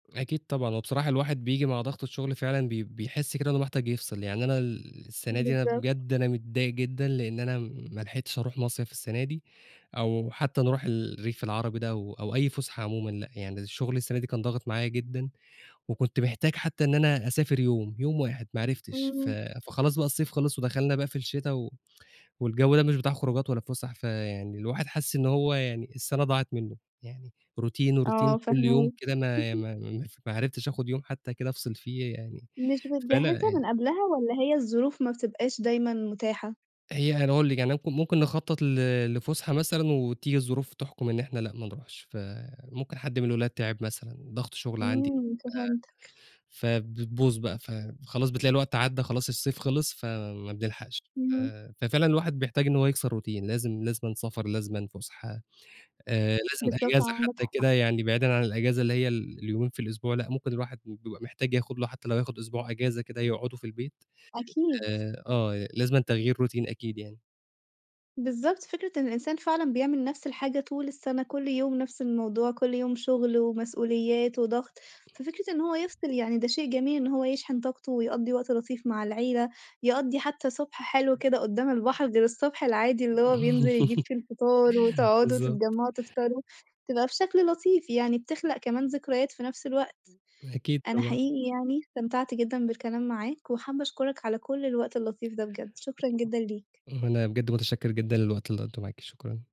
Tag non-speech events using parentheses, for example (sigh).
أكيد طبعًا، وبصراحة الواحد بييجي مع ضغط الشغل فعلًا بي بيحس كده إنه محتاج يفصِل، يعني أنا ال السَنة دي أنا بالضبط. بجد أنا متضايق جدًا، لإن أنا ما لحقتش أروح مصيَف السَنة دي أو حتى نروح ال الريف العربي ده أو أو أي فُسحة عمومًا، لأ يعني الشغل السَنة دي كان ضاغِط معايا جدًا، وكنت محتاج حتى إن أنا أسافر يوم، يوم واحد ما عرفتش، ف اهم. فخلاص بقى الصيف خلص، ودخلنا بقى في الشتا و والجو ده مش بتاع خروجات ولا فُسح، فيعني الواحد حَاسس إن هو يعني السَنة ضاعت مِنّه، يعني routine وroutine آه كُلّ يوم فاهماك. كده ما ما (laughs) ما ف ما عرفتش آخد يوم حتى كده أفصِل فيه يعني، مش بتجهّزها فأنا ي من قبلها والّا هي الظروف ما بتبقاش دايمًا متاحة؟ هي أنا هاقول لِك يعني اك ممكن نخطط ل لفُسحة مثلًا وتيجي الظروف تحْكم إن إحنا لأ ما نروحش، فممكن حد من الولاد تِعب مثلًا، ضغط شغل عندي، إمم، فهمتك. آآ، فبتبوظ بقى، فخلاص بتلاقي الوقت عدّى خلاص الصيف خلص، فما بنلحقش، إمم. آآ، ففعلًا الواحد بيحتاج إن هو يكسر routine، لازم لازمًا سفر، لازمًا فُسحة، آآ، لازم بالضبط أجازة عندك حتى حق. كده يعني بعيدًا عن الأجازة اللي هي ال اليومين في الأسبوع، لأ ممكن الواحد ب بيبقى محتاج ياخد له حتى لو هياخد أسبوع أجازة كده يقعده في البيت، أكيد. آآ آه لازمًا تغيير routine أكيد يعني. بالضبط، فكرة إن الإنسان فعلًا بيعمل نَفس الحاجة طول السَنة، كُلّ يوم نَفس الموضوع، كُلّ يوم شغل ومسؤوليات وضغط، ففِكرة إن هو يفصِل يعني ده شيء جميل، إن هو يشحن طاقته، ويقضّي وقت لطيف مع العيلة، يقضّي حتى صُبح حلو كده قدّام البحر غير الصبح العادي اللي هو بينزل يجيب (laughs) فيه الفطار، وتقعدوا بالضبط. تتجمّعوا تفطروا تبقى بشكل لطيف، يعني بتخلق كمان ذكريات في نَفس الوقت. أكيد أنا طبعًا. حقيقي يعني استمتعت جدًا بالكلام معاك وحابة أشكرك على كُلّ الوقت اللطيف ده، بجد شكرًا جدًا ليك. ما أنا بجد متشكّر جدًا للوقت اللي قضيته معاكِ شكرًا.